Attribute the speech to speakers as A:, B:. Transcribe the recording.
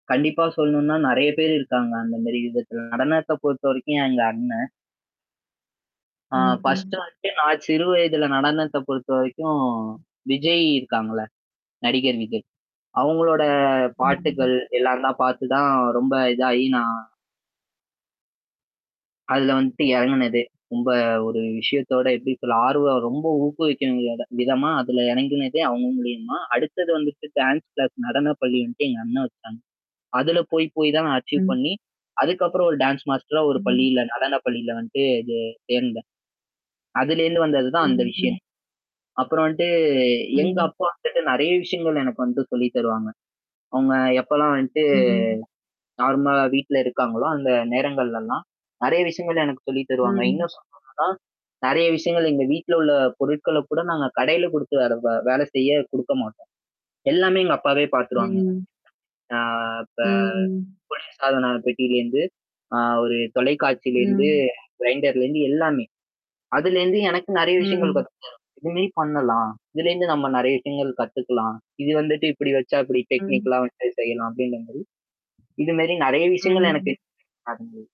A: கண்டிப்பா சொல்லணுன்னா நெறைய பேரு இருக்காங்க. அந்தமேரி விதத்துல நடனத்த பொறுத்தவரைக்கும் எங்க அண்ணன் ஆ
B: ம்ஹ்ம்.
A: ஃபர்ஸ்ட் வந்துட்டு நான் சிறு வயதில நடனத்த பொறுத்தவரைக்கும் விஜய் இருக்காங்கல்ல. நடிகர் விஜய். அவுங்களோட
B: ம்.
A: பாட்டுக்கள் எல்லாந்தான் பார்த்து தான் ரொம்ப இதாகி நான் அதுல வந்துட்டு இறங்குனதே! ரொம்ப ஒரு விஷயத்தோட எப்பிடி சொல்ல ஆர்வம் ரொம்ப ஊக்குவிக்கிற விதமா அதில இறங்குனதே அவுங்க மூலியமா! அடுத்தது வந்துட்டு டான்ஸ் கிளாஸ் நடன பள்ளின்டு எங்க அண்ணன் வச்சுாங்க. அதுல போய் போய் தான் நான் அச்சீவ்
B: ம்.
A: பண்ணி அதுக்கப்பறம் ஒரு டான்ஸ் மாஸ்டரா ஒரு
B: ம்.
A: பள்ளியில நடன பள்ளியில வந்துட்டு இது சேர்ந்தேன். அதுலேருந்து வந்தது தான் அந்த
B: ம்,
A: விஷயம்.
B: ம்.
A: அப்புறம் வந்துட்டு எங்க
B: ம்.
A: அப்பா வந்துட்டு நெறைய விஷயங்கள் எனக்கு வந்துட்டு சொல்லி தருவாங்க. அவுங்க எப்போலாம் வந்துட்டு
B: ம்.
A: நார்மலா வீட்ல இருக்காங்களோ, அந்த நேரங்கள்லல்லாம் நெறைய விஷயங்கள் எனக்கு சொல்லி தருவாங்க.
B: ம்.
A: இன்னும் சொல்லணுன்னா நெறைய விஷயங்கள் எங்க வீட்ல உள்ள பொருட்கள கூட நாங்க கடையில குடுத்து வேற வே வேலை செய்ய குடுக்க மாட்டோம். எல்லாமே எங்க அப்பாவே பார்த்துருவாங்க.
B: ம்.
A: ஆ அப்ப
B: ம்.
A: குளிர் சாதன பெட்டியில இருந்து அ ஒரு தொலைக்காட்சியிலருந்து
B: ம்.
A: கிரைண்டர்லருந்து எல்லாமே. அதுலருந்து எனக்கு நெறைய விஷயங்கள்
B: ம்.
A: கத்துதர இதுமாரி பண்ணலாம். இதுலேருந்து நம்ம நெறைய விஷயங்கள் கத்துக்கலாம். இது வந்துட்டு இப்பிடி வச்சா இப்பிடி
B: ம்.
A: டெக்னிக்கலா வந்து செய்யலாம் அப்பிடின்றமாரி இதுமேரி நிறைய விஷயங்கள் எனக்கு
B: ம்.
A: நடந்தது.